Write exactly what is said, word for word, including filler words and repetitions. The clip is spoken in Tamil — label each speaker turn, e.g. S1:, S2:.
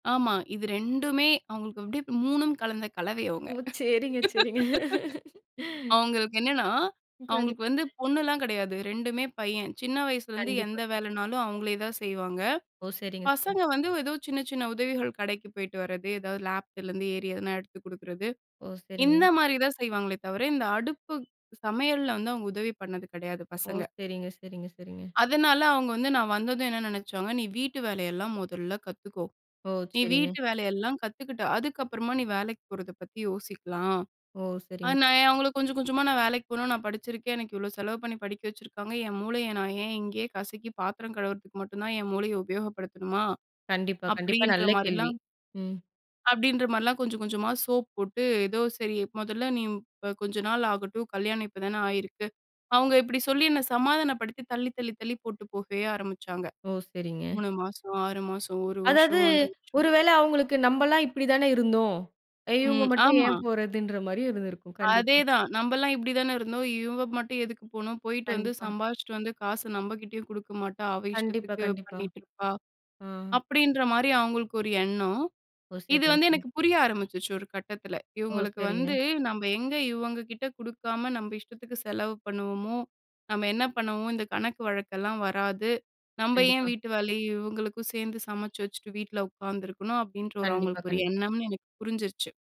S1: ஆமா. இது ரெண்டுமே அவங்களுக்கு அப்படி மூணும் கலந்த கலவை அவங்க.
S2: ஓ! சரிங்க, சரிங்க.
S1: அவங்களுக்கு என்னன்னா,
S2: கண்டிப்பா
S1: அவங்களுக்கு வந்து பொண்ணுலாம் கெடையாது. ரெண்டுமே பையன். சின்ன வயசுலேருந்து
S2: கண்டிப்பா.
S1: எந்த
S2: கண்டிப்பா.
S1: வேலைனாலும் அவங்களே தான் செய்வாங்க.
S2: ஓ! சரிங்க, சரிங்க.
S1: பசங்க வந்து எதோ சின்ன, சின்ன உதவிகள் கடைக்கு போய்ட்டு வரது, ஏதாவது லாஃப்ட்லேருந்து ஏறி எதனா எடுத்து குடுக்குறது.
S2: ஓ! சரிங்க.
S1: இந்த மாரி தான் செய்வாங்களே தவிர, இந்த அடுப்பு சமையலல்ல வந்து அவங்க உதவி பண்ணது கெடையாது
S2: ஓ!
S1: பசங்க.
S2: சரிங்க, சரிங்க, சரிங்க.
S1: அதனால அவங்க வந்து நான் வந்ததும் என்ன நெனைச்சாங்க, "நீ வீட்டு வேலையெல்லாம் முதல்ல கத்துக்கோ.
S2: ஓ!
S1: நீ
S2: சரிங்க.
S1: வீட்டு வேலையெல்லாம் கத்துக்கிட்டு, அதுக்கப்பறமா நீ வேலைக்கு போறத பத்தி யோசிக்கலாம்."
S2: ஓ! சரிங்க.
S1: அது நான் ஏன் அவங்கள கொஞ்சம் கொஞ்சமா, "நான் வேலைக்கு போகணும். நான் படிச்சிருக்கேன். எனக்கு இவ்வளோ செலவு பண்ணி படிக்க வச்சுருக்காங்க. என் மூளைய நான் ஏன் இங்கேயே கசக்கி பாத்திரம் கழுவுறதுக்கு மட்டும் தான் என் மூளைய உபயோகப்படுத்தணுமா?"
S2: கண்டிப்பா, கண்டிப்பா.
S1: அப்படீன்ற
S2: நல்ல கேள்வி.
S1: மாரிலாம்
S2: ம்.
S1: அப்படீன்ற மாரிலாம் கொஞ்சம், கொஞ்சமா சோப் போட்டு, ஏதோ சரி "மொதல்ல நீ ம் ப கொஞ்ச நாள் ஆகட்டும். கல்யாணம் இப்பதானே ஆயிருக்கு." அவங்க இப்படி சொல்லி என்ன சமாதானப்படுத்தி தள்ளி, தள்ளி, தள்ளி போட்டு போகவே ஆரம்புச்சாங்க.
S2: ஓ! சரிங்க.
S1: மூணு மாசம், ஆறு மாசம், ஒரு
S2: அதாவது,
S1: வருஷம், ஒண்ரை
S2: ஒரு
S1: வருஷம்.
S2: வேளை அவங்களுக்கு, நம்பல்லாம் இப்படி தான இருந்தோம். இவங்க
S1: ம்.
S2: மட்டும்
S1: ஆமா.
S2: ஏன் போறதுன்ற மாரியும் இருந்திருக்கும். கண்டிப்பா.
S1: அதேதான்." நம்பல்லாம் இப்படிதானே இருந்தோம். இவங்க மட்டும் எதுக்கு போணும்? போயிட்டு வந்து
S2: கண்டிப்பா.
S1: சம்பாரிச்சுட்டு வந்து, காச நம்பகிட்டயும் குடுக்க மாட்டா. அவள்
S2: கண்டிப்பா,
S1: இஷ்டத்துக்கு
S2: கண்டிப்பா.
S1: பண்ணீட்டுருப்பா."
S2: ஆ.
S1: அப்படீன்ற மாரி அவங்களுக்கு ஒரு எண்ணம்.
S2: ஓ!
S1: இது
S2: சரிங்க,
S1: வந்து
S2: சரிங்க.
S1: எனக்கு புரிய ஆரம்பிச்சுருச்சு ஒரு கட்டத்தில.
S2: ஓ!
S1: இவங்களுக்கு
S2: சரிங்க.
S1: வந்து, நம்ம எங்க இவங்க கிட்ட குடுக்காம, நம்ப இஷ்டத்துக்கு செலவு பண்ணுவோமோ "நம்ம என்ன பண்ணுவோம்? இந்த கணக்கு வழக்கெல்லாம் வராது. நம்ப ஏன்
S2: கண்டிப்பா.
S1: வீட்டு வேலையும் இவங்களுக்கும் சேர்ந்து சமைச்சு வச்சுட்டு, வீட்ல உட்காந்துருக்கணும்." அப்படீன்ற ஒரு
S2: கண்டிப்பா,
S1: அவங்களுக்கு ஒரு
S2: கண்டிப்பா.
S1: எண்ணம்ன்னு எனக்கு புரிஞ்சுருச்சு.